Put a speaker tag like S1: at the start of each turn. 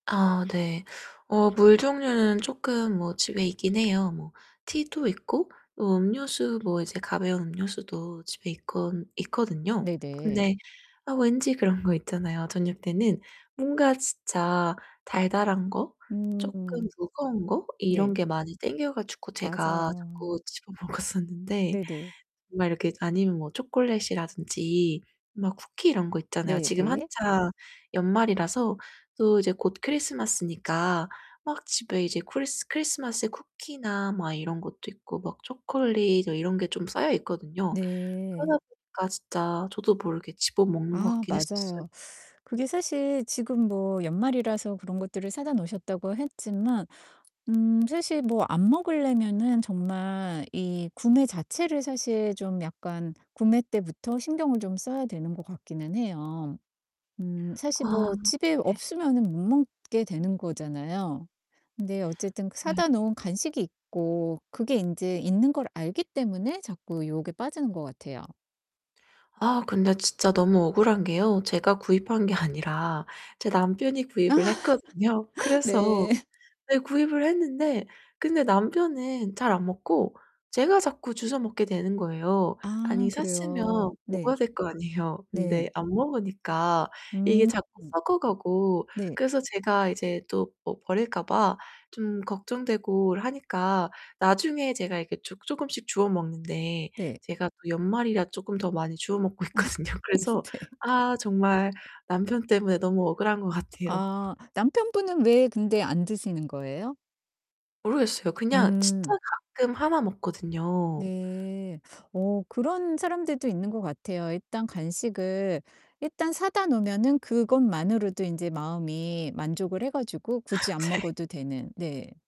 S1: 아, 네. 어 물 종류는 쪼끔 뭐 집에 있긴 해요. 뭐 티도 있고 음료수 뭐 이제 가벼운 음료수도 집에 있거 있거든요.
S2: 네네.
S1: 근데 왠지 그런 거 있잖아요. 저녁 때는 뭔가 진짜 달달한 거 쪼끔
S2: 음.
S1: 무거운 거 이런
S2: 네.
S1: 게 많이 땡겨가지고 제가
S2: 맞아요.
S1: 자꾸 집어 먹었었는데
S2: 네네.
S1: 막 이렇게 아니면 뭐 초콜릿이라든지 막 쿠키 이런 거 있잖아요.
S2: 네
S1: 지금
S2: 네.
S1: 한창 연말이라서 또 이제 곧 크리스마스니까 막 집에 이제 쿠리 크리스마스 쿠키나 막 이런 것도 있고 막 초콜릿 이런 게 좀 쌓여있거든요.
S2: 네.
S1: 그러다 보니까 진짜 저도 모르게 집어 먹는 것
S2: 아,
S1: 같긴 했었어요.
S2: 맞아요. 그게 사실 지금 뭐 연말이라서 그런 것들을 사다 놓으셨다고 했지만 음 사실 뭐 안 먹을려면은 정말 이 구매 자체를 사실 좀 약간 구매 때부터 신경을 좀 써야 되는 것 같기는 해요. 음 사실
S1: 아.
S2: 뭐 집에
S1: 예.
S2: 없으면은 못 먹게 되는 거잖아요. 근데 어쨌든
S1: 네.
S2: 사다 놓은 간식이 있고 그게 인제 있는 걸 알기 때문에 자꾸 유혹에 빠지는 것 같아요
S1: 아 근데 진짜 너무 억울한 게요. 제가 구입한 게 아니라 제 남편이 구입을 했거든요. 그래서
S2: 네.
S1: 네 구입을 했는데. 근데 남편은 잘 안 먹고 제가 자꾸 주워 먹게 되는 거예요.
S2: 아,
S1: 아니 샀으면
S2: 그래요.
S1: 먹어야
S2: 네.
S1: 될 거 아니에요. 근데
S2: 네.
S1: 안 먹으니까 이게
S2: 음.
S1: 자꾸 썩어가고.
S2: 네.
S1: 그래서 제가 이제 또 뭐 버릴까 봐 좀 걱정되고 하니까 나중에 제가 이렇게 주 쪼금씩 주워먹는데
S2: 네.
S1: 제가 또 연말이라 조금 더 많이 주워 먹고 있거든요. 그래서
S2: 네.
S1: 아 정말 남편 때문에 너무 억울한 것 같아요.
S2: 아 남편분은 왜 근데 안 드시는 거예요?
S1: 모르겠어요 그냥 진짜
S2: 음.
S1: 가끔 1 먹거든요.
S2: 네. 어 그런 사람들도 있는 것 같아요. 일단 간식을 일단 사다 놓으면은 그것만으로도 인제 마음이 만족을 해 가지고 굳이 안
S1: 아 네.
S2: 먹어도 되는. 네.